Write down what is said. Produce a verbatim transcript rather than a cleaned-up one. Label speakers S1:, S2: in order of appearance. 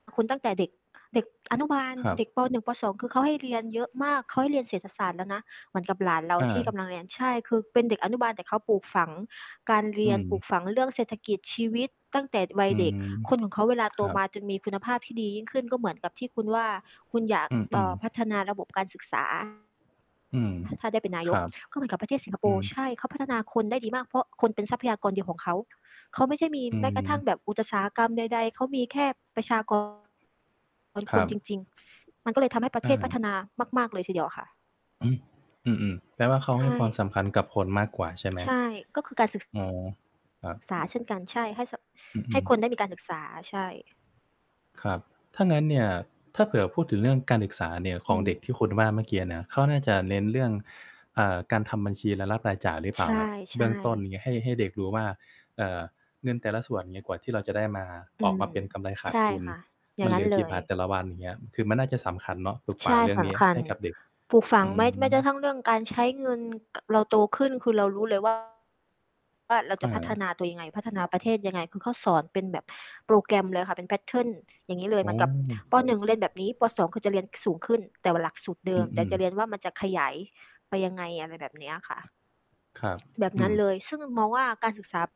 S1: คุณ ตั้งแต่เด็ก เด็กอนุบาล
S2: ครับ
S1: เด็ก ป. หนึ่ง ป. สอง คือเขาให้เรียนเยอะมาก เขาให้เรียนเศรษฐศาสตร์แล้วนะ เหมือนกับหลานเรา
S2: อ
S1: ที่ก
S2: า
S1: ำลังเรียน ใช่ คือเป็นเด็กอนุบาล แต่เขาปลูกฝังการเร
S2: อื
S1: ียน ปลู
S2: ม
S1: กฝังเรื่องเศรษฐกิจ ชีวิตตั้งแต่วั
S2: อ
S1: ย
S2: ื
S1: เด็ก
S2: ม
S1: คนของเขาเวลา
S2: ค
S1: โต
S2: รับ
S1: มาจึงมีคุณภาพที่ดียิ่งขึ้น ก็เหมือนกับที่คุณว่า คุณอยาก
S2: อ
S1: เอ
S2: ื
S1: ่
S2: อ
S1: อ
S2: ๆ
S1: พัฒนาระบบการศึก ษา
S2: อืม
S1: อ่า ถ้าได้เป็นนาย
S2: คร
S1: ก
S2: ับ
S1: ก็เหมือนกับประเทศสิงคโป
S2: อื
S1: ร์
S2: ม
S1: ใช่ เขาพัฒนาคนได้ดีมาก เพราะคนเป็นทรัพยากรเดียวของเขา เขาไม่ใช่มี
S2: อื
S1: แม้กระทั่ง
S2: ม
S1: แบบอุตสาหกรรมใด ๆ เขามีแค่ประชา กร เป็น
S2: ค
S1: ค
S2: ร
S1: น
S2: ั
S1: จ
S2: บ
S1: ริง ๆ มันก็เลยทำให้ประเทศพัฒ
S2: เออ
S1: นามาก ๆ เลยทีเดียวค่ะ
S2: อือ อือ ๆ แปลว่าเขา
S1: ใช
S2: ให้ความส
S1: ่
S2: ำคัญกับคนมากกว่า ใช่ไหม?
S1: ใช่ ก็คือการศึก ส
S2: อ๋อ ครับ
S1: ษาเช่นกัน ใช่ ให้เสาะ
S2: อ
S1: ใ
S2: ื
S1: ห้
S2: อ
S1: ค
S2: ๆ
S1: นได้มีการศึกษา ใช่
S2: ครับ ถ้างั้นเนี่ย ถ้าเผื่อพูดถึงเรื่องการศึกษาเนี่ยข
S1: อื
S2: องเด็ก
S1: ม
S2: ที่คุณว่าเมื่อกี้เนี้ย เขาน่าจะเน้นเรื่อง อ่า การทำบัญชี รายรับ-รายจ่ายหรือเ
S1: ใ
S2: ป
S1: ช
S2: ล่า? แบบเบื
S1: ่
S2: ้องต้น
S1: ๆ
S2: อย่างเงี้ย ให้ ให้เด็กรู้ว่า เอ่อ เงินแต่ละส่วน เงี้ย กว่าที่เราจะได้มา
S1: อื
S2: ออก
S1: ม
S2: มาเป็นกำไรข
S1: ใ
S2: า
S1: ช
S2: ด
S1: ่
S2: ทุน
S1: ค่ะ อย่
S2: ม
S1: า
S2: ั
S1: ง
S2: น
S1: ง
S2: เห
S1: ั
S2: ล
S1: ้
S2: ื
S1: น
S2: อ
S1: เล
S2: กี่บ
S1: ย
S2: าทแต่ละวัน อย่างเงี้ย คือมันน่าจะสำคัญเนาะ ปลูกฝ
S1: ใช
S2: ัง
S1: ่
S2: เรื่อง
S1: ส
S2: เนี้ย
S1: ำคั
S2: ใ
S1: ญ
S2: ห้กับเด็ก
S1: ปลูกฝั
S2: อ
S1: ง
S2: ื
S1: แม้ แม้กระ
S2: อ
S1: ทั่ง เรื่องการใช้เงิน เราโตขึ้นคือเรารู้เลย ว่า ว่าเราจ
S2: อ
S1: ะพัฒ
S2: า
S1: นาตัวยังไง พัฒนาประเทศยังไง คือเขาสอนเป็นแบบโปรแกรมเลยค่ะ เป็น แพตเทิร์น อย่างงี้เล
S2: โ
S1: ย
S2: อ
S1: เหมือนกับ
S2: ้
S1: ป. หนึ่ง เรียนแบบนี้ ป. สอง คือจะเรียนสูงขึ้น แต่ว่าหลักสูตรเด
S2: อ
S1: ิม แต่
S2: ืม
S1: จะเรีย
S2: ๆ
S1: นว่า มันจะขยายไปยังไง อะไรแบบเนี้ยค่ะ
S2: ครับ
S1: แบบ
S2: อ
S1: น
S2: ื
S1: ั้
S2: ม
S1: น เลย ซึ่งมองว่า การศึกษา